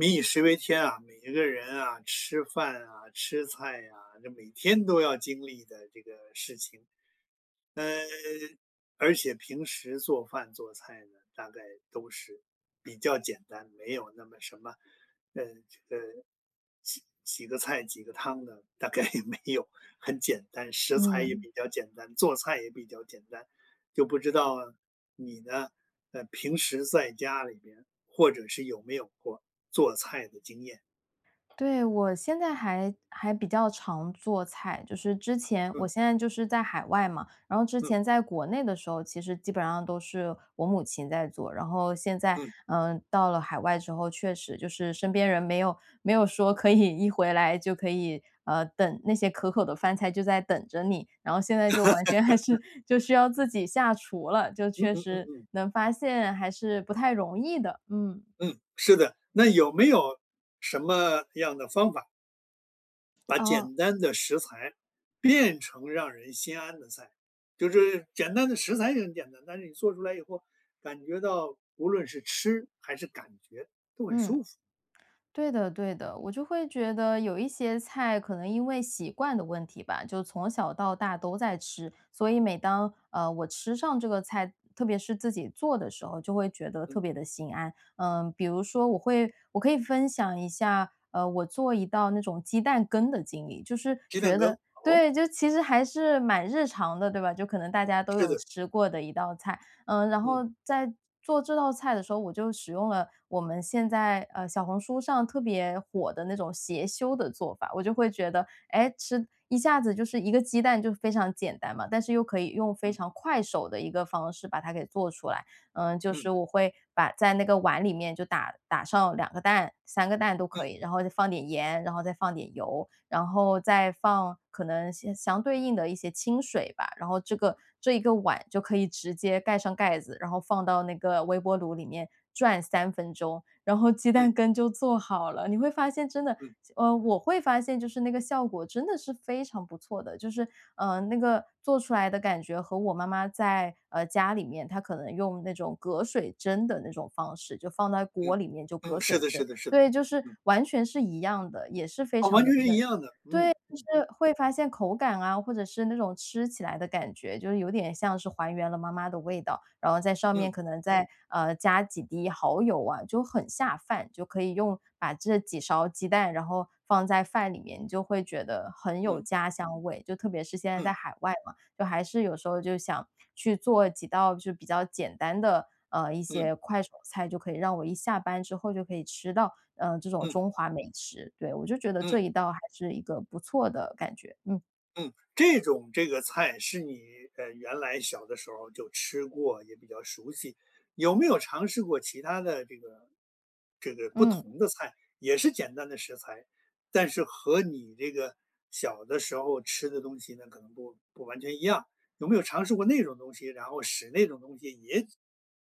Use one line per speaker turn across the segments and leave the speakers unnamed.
民以食为天啊，每一个人啊，吃饭啊、吃菜啊，这每天都要经历的这个事情。嗯，而且平时做饭、做菜的，大概都是比较简单，没有那么什么呃，呃，几几个菜几个汤的，大概也没有。很简单，食材也
嗯。
比较简单，做菜也比较简单。就不知道你呢，呃，平时在家里边，或者是有没有过做菜的经验？
对，我现在还还比较常做菜。就是之前我
嗯。
现在就是在海外嘛，然后之
嗯。
前在国内的时候，其实基本上，都是我母亲在做。然后现在，
嗯。
呃，到了海外之后，确实就是身边人没有没有说可以一回来就可以，嗯，等那些可口的饭菜就在等着你，然后现在就完全还是 就需要自己下厨了，就
嗯
确
嗯嗯
实
嗯。
能发现，还是不太容易的，嗯。
嗯，是的。那有没有什么样的方法？把
哦。
简单的食材变成让人心安的菜，就是简单的食材也很简单，但是你做出来以后，感觉到无论是吃还是感觉都很
嗯，
舒服。
对的对的。我就会觉得有一些菜，可能因为习惯的问题吧，就从小到大都在吃，所以每当，呃，我吃上这个菜，特别是自己做的时候，就会觉得
嗯。
特别地心安。呃，比如说我会我可以分享一下，呃，我做一道那种鸡蛋羹的经历，就是
鸡蛋
觉
羹，
得
哦？
对，就其实还是蛮日常的，对吧？就可能大家都
是
有
的。
吃过的一道菜，呃，然
嗯。
后在做这道菜的时候，我就使用了我们现在，呃，小红书上特别火的那种邪修的做法，我就会觉得，诶，吃一下子就是一个鸡蛋就非常简单嘛，但是又可以用非
嗯。
常快手的一个方式把它给做出来。嗯，就是
嗯。
我会把在那个碗里面就打打上2个蛋、3个蛋都可
嗯。
以，然后再放点盐，然后再放点油，然后再放可能相相对应的一些清水吧，然后这个这一个碗就可以直接盖上盖子，然后放到那个微波炉里面转3分钟，然后鸡
嗯。
蛋羹就做好了。你会发现真的
嗯。
呃，我会发现就是那个效果真的是非常不错的。就是，呃，那个做出来的感觉和我妈妈在，呃，家里面，她可能用那种隔水蒸的那种方式，就放在
嗯，
锅里面，就隔
嗯，是
水
的是
蒸，
的是的，
对，就是
嗯。
完全是一样的，也是非
啊，完
常
全
的
是一
嫩。
样的，
对，
嗯，
就
嗯。
是会发现口感啊，或者是那种吃起来的感觉，就是有点像是还原了妈妈的味道，然后在上面
嗯。
可能再，呃，加几滴蚝油啊，就很下饭。就可以用把这几勺鸡蛋，然后放在饭里面，你就会觉得很有
嗯。
家乡味。就特别是现在在
嗯。
海外嘛，就还是有时候就想去做几道，就比较简单的，呃，一
嗯。
些快手菜，就可以让我一下班之后就可以吃到，呃，这种
嗯。
中华美食。对，我就觉得这
嗯。
一道还是一个不错的感觉，嗯。
嗯，这种这个菜，是你，呃，原来小的时候儿就吃过，也比较熟悉。有没有尝试过其它的这个这个不
嗯。
同的菜，也是简单的食材，但是和你这个小的时候吃的东西呢可能不不完全一样，有没有尝试过那种东西？然后使那种东西也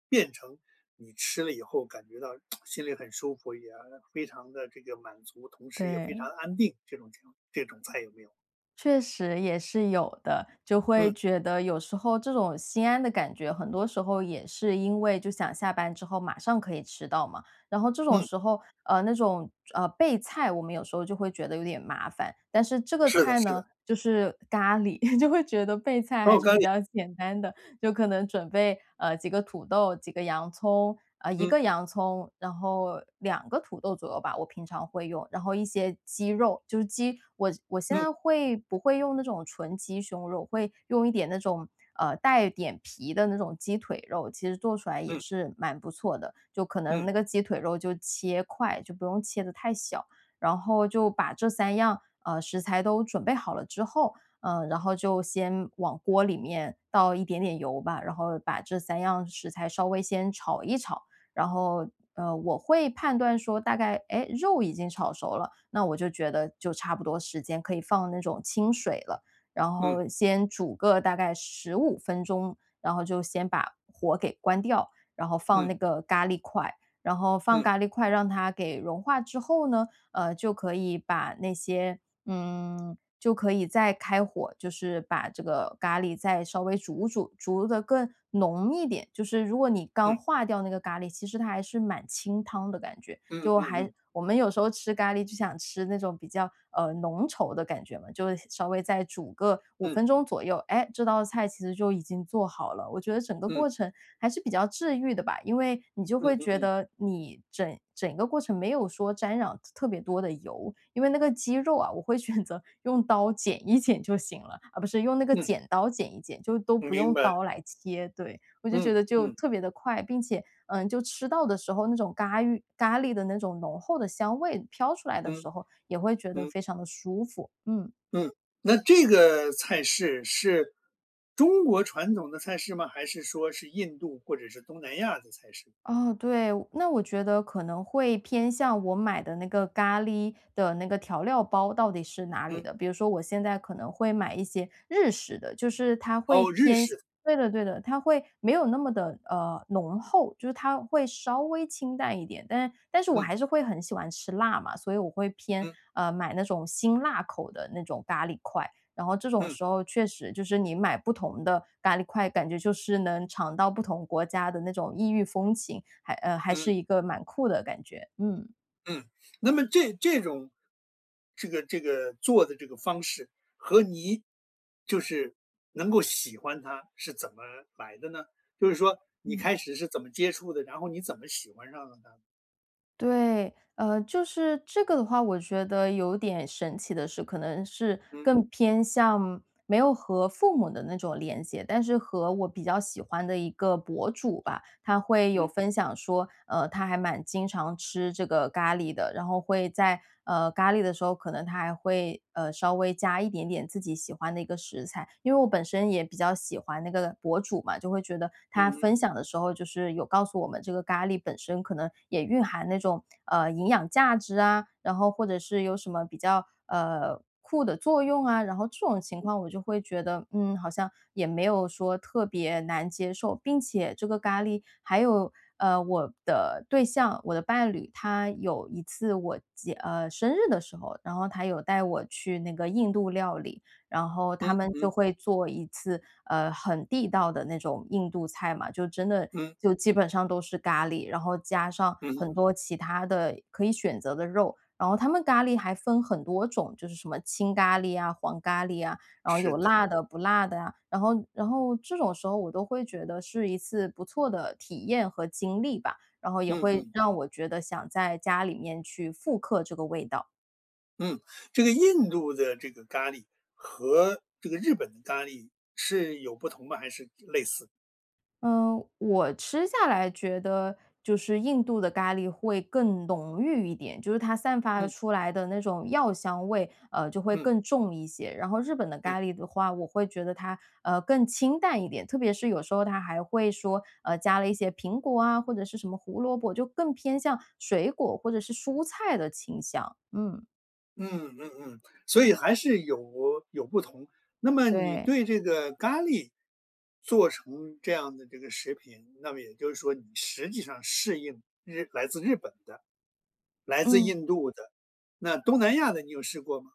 变成你吃了以后感觉到 心里很舒服，也非常地这个满足，同时也非常
对。
安定，这种情况这种菜有没有？
确实也是有的，就
嗯。
会觉得，有时候这种心安的感觉，很多时候也是因为，就想下班之后马上可以吃到嘛。然后这种
嗯。
时候，呃，那种，呃，备菜，我们有时候就会觉得有点麻烦。但是这个
是的
菜
是的。
呢，就是咖喱，就会觉得备菜还
哦，
是
咖
比
喱。
较简单的，就可能准备，呃，几个土豆、几个洋葱啊，1
嗯。
个洋葱，然后2个土豆左右吧，我平常会用，然后一些鸡肉，就是鸡我我现
嗯。
在会不会用那种纯鸡胸肉，会用一点那种，呃，带点皮的那种鸡腿肉，其实做出来也
嗯。
是蛮不错的。就可能
嗯。
那个鸡腿肉就切块，就不用切得太小，然后就把这3样，呃，食材都准备好了之后，呃，然后就先往锅里面倒一点点油吧，然后把这3样食材稍微先炒一炒。然后，呃，我会判断说大概，哎，肉已经炒熟了，那我就觉得就差不多时间可以放那种清水了，然
嗯。
后先煮个大概15分钟，然后就先把火给关掉，然后放
嗯。
那个咖喱块。然后放
嗯。
咖喱块让它给融化之后呢，呃，就可以把那些嗯，就可以再开火，就是把这个咖喱再稍微煮煮，煮得更浓一点。就是如果你刚
嗯。
化掉那个咖喱，其实它还是蛮清汤的感觉，
嗯，
就
嗯
还
嗯。
我们有时候吃咖喱就想吃那种比较，呃，浓稠的感觉嘛，就稍微再煮个5
嗯。
分钟左右，哎，这道菜其实就已经做好了。我觉得整个
嗯。
过程还是比较治愈的吧，因为你就
嗯
会
嗯
觉
嗯。
得你整整一个过程没有说沾染特别多的油，因为那个鸡肉啊，我会选择用刀剪一剪就行了，啊不是，用那个
嗯。
剪刀剪一剪，就都不
明
用
白。
刀来切，对。我就觉
嗯，
得就
嗯。
特别地快，并且嗯，就吃到的时候那种咖芋咖喱的那种浓厚的香味飘出来的
嗯，
时候，也会觉得
嗯。
非常地舒服，嗯。
嗯，那这个菜式是中国传统的菜式吗？还是说是印度或者是东南亚的菜式？
哦，对。那我觉得可能会偏向我买的那个咖喱的那个调料包到底是哪里
嗯。
的？比如说我现在可能会买一些日式的，就是它会
哦，日
偏向
式的。
对的对的，它会没有那么的，呃，浓厚，就是它会稍微清淡一点。但是但是我
嗯。
还是会很喜欢吃辣嘛，所以我会偏
嗯。
呃，买那种辛辣口的那种咖喱块，然后这种
嗯。
时候确实，就是你买不同的咖喱块，感觉就是能尝到不同国家的那种异域风情，还呃，还
嗯。
是一个蛮酷的感觉，嗯。
嗯，那么这这种这个这个做的这个方式，和你就是能够喜欢它是怎么来的呢？就是说你
嗯。
开始是怎么接触的，然后你怎么喜欢上了呢？
对。呃，就是这个的话，我觉得有点神奇的是可能是
嗯。
更偏向没有和父母的那种联结。但是和我比较喜欢的一个博主吧，他会有
嗯。
分享说，呃，他还蛮经常吃这个咖喱的，然后会在，呃，咖喱的时候，可能他还会，呃，稍微加一点点自己喜欢的一个食材。因为我本身也比较喜欢那个博主嘛，就会觉得他
嗯
分
嗯。
享的时候就是有告诉我们这个咖喱本身可能也蕴含那种，呃，营养价值啊，然后或者是有什么比较，呃，酷的作用啊，然后这种情况我就会觉得，嗯，好像也没有说特别难接受。并且这个咖喱还有，呃，我的对象，我的伴侣，他有一次我结呃，生日的时候，然后他有带我去那个印度料理。然后
嗯
他们就
嗯。
会做一次，呃，很地道的那种印度菜嘛，就真的
嗯。
就基本上都是咖喱，然后加上
嗯哼。
很多其它的可以选择的肉。然后他们咖喱还分很多种，就是什么青咖喱啊、黄咖喱啊，然后
是
有
的。
辣的、不辣的啊。然后然后这种时候我都会觉得是一次不错的体验和经历吧，然后也
嗯
会
嗯。
让我觉得想在家里面去复刻这个味道。
嗯，这个印度的这个咖喱和这个日本的咖喱是有不同吗？还是类似？
嗯，我吃下来觉得就是印度的咖喱会更浓郁一点，就是它散发
嗯。
出来的那种药香味，呃，就会
嗯。
更重一些。然后日本的
嗯。
咖喱的话，我会觉得它，呃，更清淡一点，特别是有时候它还会说，呃，加了一些苹果啊，或者是什么胡萝卜，就更偏向水果或者是蔬菜的清香。嗯。
嗯，嗯嗯。所以还是有有不同。那么你
对。
对这个咖喱做成这样的这个食品，那么也就是说你实际上适应日来自日本的、来自
嗯。
印度的。那东南亚的你有试过吗？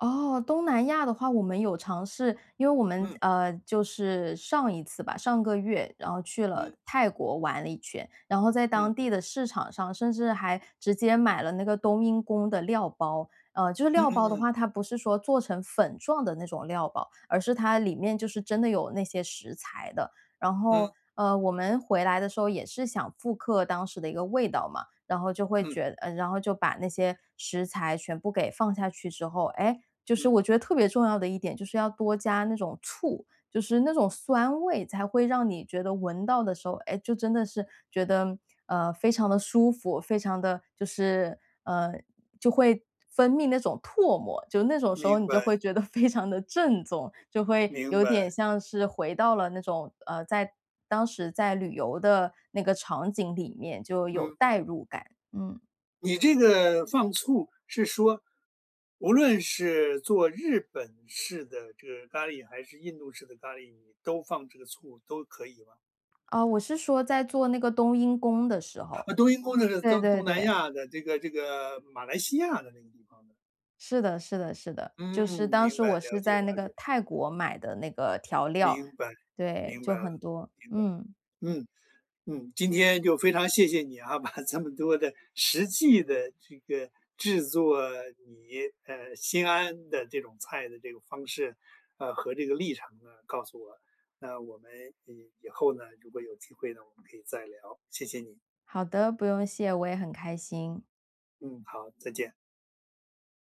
哦，东南亚的话，我们有尝试。因为我们
嗯。
呃，就是上一次吧，上个月，然后去了
嗯。
泰国玩了一圈。然后在
嗯。
当地的市场上，甚至还直接买了那个冬阴功的料包。啊，就是
嗯
料
嗯
包的
嗯。
话，它不是说做成粉状的那种料包，而是它里面就是真的有那些食材的。然后，
嗯。
呃，我们回来的时候也是想复刻当时的一个味道嘛。然后就会
嗯。
觉呃，然后就把那些食材全部给放下去之后，诶，就是
嗯。
我觉得特别重要的一点就是要多加那种醋，就是那种酸味才会让你觉得闻到的时候，哎，就真的是觉得，呃，非常的舒服，非常的就是，呃，就会分泌那种唾沫。就那种时
明
候你就
白。
会觉得非常的正宗，就会
明
有
白。
点像是回到了那种，呃，在当时在旅游的那个场景里面，就有
嗯。
代入感，嗯。
你这个放醋是说，无论是做日本式的这个咖喱还是印度式的咖喱，你都放这个醋，都可以吗？
呃，我是说在做那个冬阴功的时候，
啊，冬阴功那是呃，
对
东
对
东南
对。
亚的这个这个马来西亚的那个地方的。
是的是的是的，就
嗯，
是当
明
时
白，
我
了
是
解
在那
了
个
解。
泰国买的那个调料。
明白，
对，
明白
就
了，
很多，
明白。
嗯。
嗯，嗯，今天就非常谢谢你啊，把这么多的实际的这个制作，你，呃，心安的这种菜的这个方式，呃，和这个历程呢，告诉我。那我们，呃，以后呢，如果有机会呢，我们可以再聊，谢谢你。
好的，不用谢，我也很开心。
嗯，好，再见。